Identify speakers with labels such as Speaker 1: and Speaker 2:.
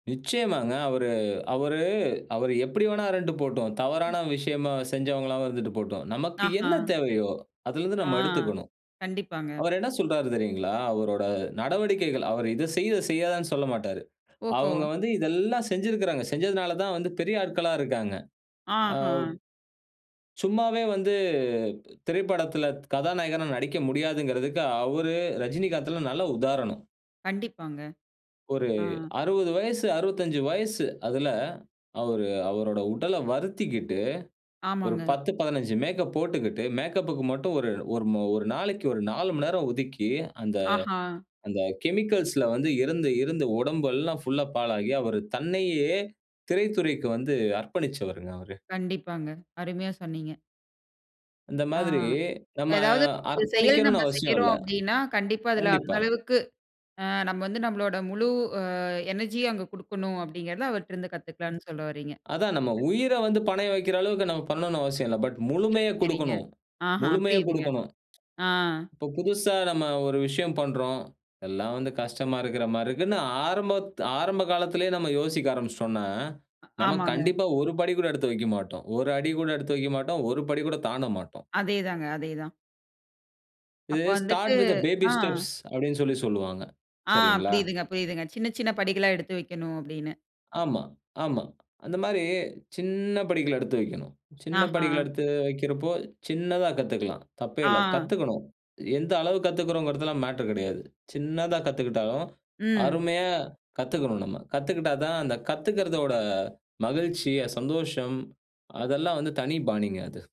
Speaker 1: நிச்சயமாங்க. அவரு அவரு அவரு எப்படி வேணா இருந்துட்டு போட்டும்.
Speaker 2: ம்.
Speaker 1: தவறான விஷயமா செஞ்சவங்களாவும் இருந்துட்டு போட்டும். நமக்கு என்ன
Speaker 2: ஆஹா!
Speaker 1: தேவையோ, அதுலருந்து
Speaker 2: ஆ,
Speaker 1: நம்ம எடுத்துக்கணும்.
Speaker 2: கண்டிப்பாங்க.
Speaker 1: அவரு என்ன சொல்றாரு தெரியுங்களா, அவரோட நடவடிக்கைகள் அவரு இது செய், இத செய்யாதன்னு சொல்லமாட்டாரு.
Speaker 2: ஓஹோ!
Speaker 1: அவுங்க வந்து இதெல்லாம் செஞ்சுருக்குறாங்க. செஞ்சதனால தான் வந்து பெரிய ஆட்களா இருக்காங்க. அவ்
Speaker 2: ஆஹா!
Speaker 1: சும்மாவே வந்து திரைப்படத்துல கதாநாயகனா நடிக்க முடியாதுங்கறதுக்கு அவரு, ரஜினிகாந்த்தெல்லாம் நல்ல உதாரணம்.
Speaker 2: கண்டிப்பாங்க.
Speaker 1: ஒரு
Speaker 2: ஆ.
Speaker 1: 60 வயசு, 65 வயசு. அதுல அவரு அவரோட உடலை வருத்திக்கிட்டு, ஒரு
Speaker 2: ஆமாங்க.
Speaker 1: 10, 15 மேக்கப் போட்டுக்கிட்டு மேக்கப்புக்கு மட்டும் ஒரு, ஒரு ம ஒரு நாளைக்கு ஒரு 4 மணி நேரம் ஒதுக்கி, அந்த
Speaker 2: ஆஹா!
Speaker 1: அந்த கெமிக்கல்ஸ்ல வந்து இருந்து இருந்து உடம்பெல்லாம் ஃபுல்லா பாழாகி, அவர் தன்னையே திரைத்துறைக்கு வந்து அர்ப்பணிச்சவர்ங்க அவரு.
Speaker 2: கண்டிப்பாங்க, அருமையா சொன்னீங்க.
Speaker 1: இந்த
Speaker 2: ஆ.
Speaker 1: மாதிரி, நம்ம
Speaker 2: "எதாவது செயல் நம்ம
Speaker 1: அர்ப்பணிக்கணும்ன்னு அவசியம்
Speaker 2: செய்யறோம்
Speaker 1: இல்ல
Speaker 2: அப்படீன்னா, கண்டிப்பா அதுல அந்த
Speaker 1: கண்டிப்பா.
Speaker 2: அளவுக்கு அ நம்ம வந்து நம்மளோட முழு அ எனர்ஜியும் அங்க குடுக்கணும்." அப்படீங்கிறத அவர்ட்டருந்து
Speaker 1: அ
Speaker 2: கத்துக்கலாம்ன்னு சொல்ல வர்றீங்க.
Speaker 1: அதான் நம்ம உயிரை வந்து பணையம் வைக்கிற அளவுக்கு நம்ம பண்ணனும்ன்னு அவசியம் இல்ல. பட்,
Speaker 2: சரி,
Speaker 1: முழுமையக்
Speaker 2: சரிங்க.
Speaker 1: குடுக்கணும்,
Speaker 2: ஆஹா!
Speaker 1: முழுமையக்
Speaker 2: புரியுதுங்க.
Speaker 1: குடுக்கணும்.
Speaker 2: ஆ.
Speaker 1: இப்ப புதுசா நம்ம ஒரு விஷயம் பண்றோம். எல்லாம் வந்து கஷ்டமா இருக்கிற மாரி இருக்குன்னு ஆரம்பத் ஆரம்ப காலத்திலயே நம்ம யோசிக்க ஆரம்பிச்சுட்டோம்ன்னா,
Speaker 2: அ
Speaker 1: நம்ம
Speaker 2: ஆமாங்க.
Speaker 1: கண்டிப்பா 1 படி கூட எடுத்து வைக்க மாட்டோம். 1 அடி கூட எடுத்து வைக்க மாட்டோம். 1 படி கூட தாண்ட மாட்டோம்.
Speaker 2: அதேதாங்க, அதேதான்.
Speaker 1: இது
Speaker 2: அப்ப வந்துட்டு
Speaker 1: "start with the baby
Speaker 2: ah.
Speaker 1: Steps" அப்டீன்னு சொல்லி சொல்லுவாங்க,
Speaker 2: ஆ
Speaker 1: சரிங்களா?
Speaker 2: புரியுதுங்க, புரியுதுங்க. சின்ன, சின்ன படிகளா எடுத்து வைக்கணும், அப்டீன்னு.
Speaker 1: ஆமா, ஆமா. அந்த மாரி, சின்ன படிகள் எடுத்து வைக்கணும். சின்ன படிகள்
Speaker 2: ஆஹான்!
Speaker 1: எடுத்து வைக்கிறப்போ, சின்னதா கத்துக்கலாம். தப்பே
Speaker 2: ஆ.
Speaker 1: இல்ல. கத்துக்கணும். எந்த அளவுக்கு கத்துக்கிறோம்ங்கிறதெல்லாம் மேட்டர் கெடையாது. சின்னதா கத்துக்கிட்டாலும்,
Speaker 2: ம்.
Speaker 1: அருமையா கத்துக்கணும் நம்ம. கத்துக்கிட்டா தான், அந்த கத்துக்கறதோட மகிழ்ச்சி, சந்தோஷம் அதெல்லாம் வந்து தனி பாணிங்க அது.